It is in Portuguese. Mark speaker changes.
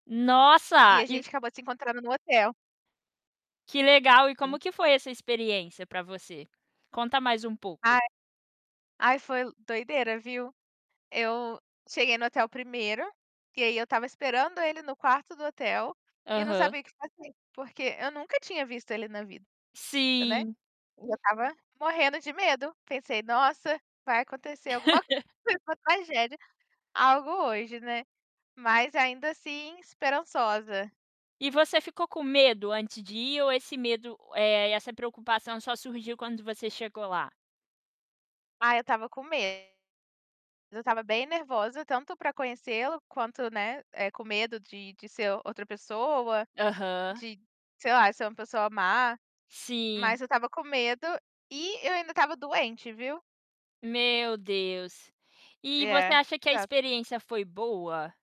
Speaker 1: E
Speaker 2: Nossa
Speaker 1: a
Speaker 2: e
Speaker 1: gente acabou se encontrando no hotel.
Speaker 2: Que legal! E
Speaker 1: [unintelligible]
Speaker 2: como que foi essa experiência para você? Conta mais um
Speaker 1: Aí
Speaker 2: pouco.
Speaker 1: ai foi doideira, viu. Eu cheguei no hotel primeiro, e aí eu estava esperando ele no quarto do hotel e não
Speaker 2: Aham.
Speaker 1: sabia o que fazer, porque eu nunca tinha visto ele na vida, né.
Speaker 2: Sim.
Speaker 1: E eu estava morrendo de medo, pensei: "Nossa, vai acontecer alguma [unintelligible] tragédia, algo hoje, né?", mas, ainda assim, esperançosa.
Speaker 2: E você ficou com medo antes de ir ou esse medo e essa preocupação só surgiu quando você chegou lá?
Speaker 1: Ah, eu tava com medo eu tava bem nervosa, tanto para conhecê-lo quanto, né, eh, com medo de de ser outra pessoa,
Speaker 2: Aham.
Speaker 1: de, sei lá, ser uma pessoa má.
Speaker 2: Sim.
Speaker 1: Mas eu estava com medo e eu ainda estava doente, viu?
Speaker 2: Meu Deus, e você
Speaker 1: É,
Speaker 2: acha que a
Speaker 1: exato.
Speaker 2: experiência foi boa?